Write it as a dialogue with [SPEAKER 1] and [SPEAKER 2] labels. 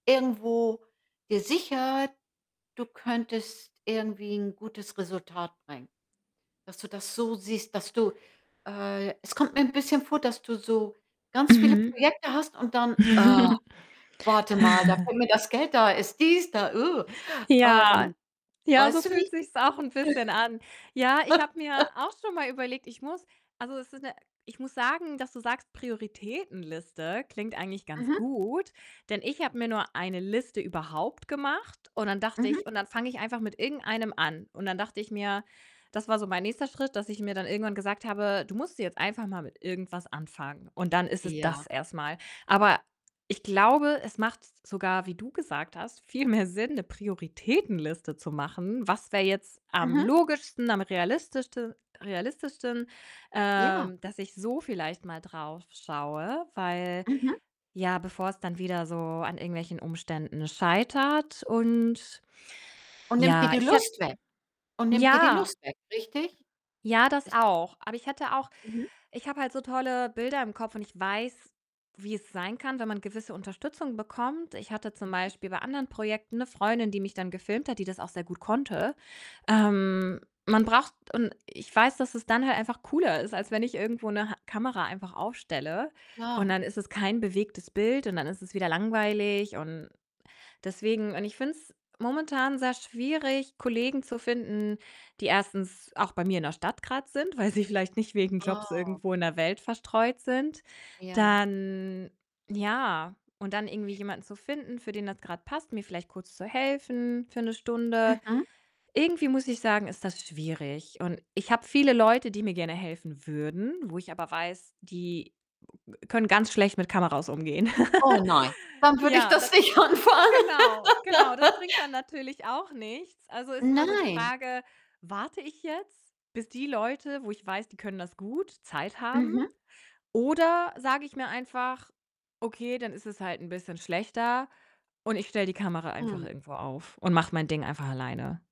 [SPEAKER 1] Irgendwo gesichert, du könntest irgendwie 'n gutes Resultat bringen. Dass du das so siehst, dass du äh, es kommt mir 'n bisschen vor, dass du so ganz viele
[SPEAKER 2] Mhm.
[SPEAKER 1] Projekte hast und dann, äh: „Warte mal, da kommt mir das Geld da ist dies, da.“
[SPEAKER 2] Ja.
[SPEAKER 1] Ähm,
[SPEAKER 2] Ja, so
[SPEAKER 1] weißt du wie
[SPEAKER 2] fühlt
[SPEAKER 1] ich
[SPEAKER 2] sich's auch 'n bisschen an. Ja, ich habe mir auch schon mal überlegt, ich muss also, es ist 'ne ich muss sagen dass du sagst, Prioritätenliste, klingt eigentlich ganz
[SPEAKER 1] Mhm.
[SPEAKER 2] gut, denn ich habe mir nur eine Liste überhaupt gemacht und dann dachte
[SPEAKER 1] Mhm.
[SPEAKER 2] ich: „Und dann fange ich einfach mit irgendeinem an.“ Und dann dachte ich mir das war so mein nächster Schritt, dass ich mir dann irgendwann gesagt habe: „Du musst jetzt einfach mal mit irgendwas anfangen und dann ist es
[SPEAKER 1] Ja.
[SPEAKER 2] das erstmal.“ Aber ich glaube, es macht sogar, wie du gesagt hast, viel mehr Sinn, 'ne Prioritätenliste zu machen. Was wäre jetzt am
[SPEAKER 1] Mhm.
[SPEAKER 2] logischsten, am realistischten realistischsten,
[SPEAKER 1] Ja.
[SPEAKER 2] ähm, dass ich so vielleicht mal drauf schaue, weil,
[SPEAKER 1] Mhm.
[SPEAKER 2] ja, bevor es dann wieder so an irgendwelchen Umständen scheitert und
[SPEAKER 1] Und nimmt dir
[SPEAKER 2] ja,
[SPEAKER 1] die
[SPEAKER 2] ich hät
[SPEAKER 1] Lust weg und nimmt dir die
[SPEAKER 2] ja.
[SPEAKER 1] Lust weg, richtig?
[SPEAKER 2] Ja, das
[SPEAKER 1] Ist da
[SPEAKER 2] auch. Aber ich hätte auch
[SPEAKER 1] Mhm.
[SPEAKER 2] ich habe halt so tolle Bilder im Kopf und ich weiß, wie es sein kann, wenn man gewisse Unterstützung bekommt. Ich hatte zum
[SPEAKER 1] Mhm.
[SPEAKER 2] Beispiel bei anderen Projekten 'ne Freundin, die mich dann gefilmt hat, die das auch sehr gut konnte. Ähm, man braucht und ich weiß, dass es dann halt einfach cooler ist, als wenn ich irgendwo 'ne Ha Kamera einfach aufstelle und
[SPEAKER 1] Ja.
[SPEAKER 2] dann ist es kein bewegtes Bild und dann ist es wieder langweilig und deswegen und ich finde es momentan sehr schwierig, Kollegen zu finden, die 1. auch bei mir in der Stadt grad sind, weil sie vielleicht nicht wegen Jobs
[SPEAKER 1] Oh.
[SPEAKER 2] irgendwo in der Welt verstreut sind.
[SPEAKER 1] Ja.
[SPEAKER 2] Dann ja und dann irgendwie jemanden zu finden, für den das grad passt, mir vielleicht kurz zu helfen für 'ne Stunde.
[SPEAKER 1] Mhm.
[SPEAKER 2] Irgendwie muss ich sagen, ist das schwierig und ich habe viele Leute, die mir gerne helfen würden, wo ich aber weiß, die können ganz schlecht mit Kameras umgehen.
[SPEAKER 1] Oh nein, dann würde ich
[SPEAKER 2] Ja,
[SPEAKER 1] das
[SPEAKER 2] das
[SPEAKER 1] nicht anfangen.
[SPEAKER 2] genau, genau, das bringt dann natürlich auch nichts. Also, ist immer so die
[SPEAKER 1] Nein.
[SPEAKER 2] Frage: Warte ich jetzt, bis die Leute, wo ich weiß, die können das gut, Zeit haben?
[SPEAKER 1] Mhm.
[SPEAKER 2] Oder sage ich mir einfach: „Okay, dann ist es halt 'n bisschen schlechter und ich stelle die Kamera einfach
[SPEAKER 1] Hm.
[SPEAKER 2] irgendwo auf und mache mein Ding einfach alleine?“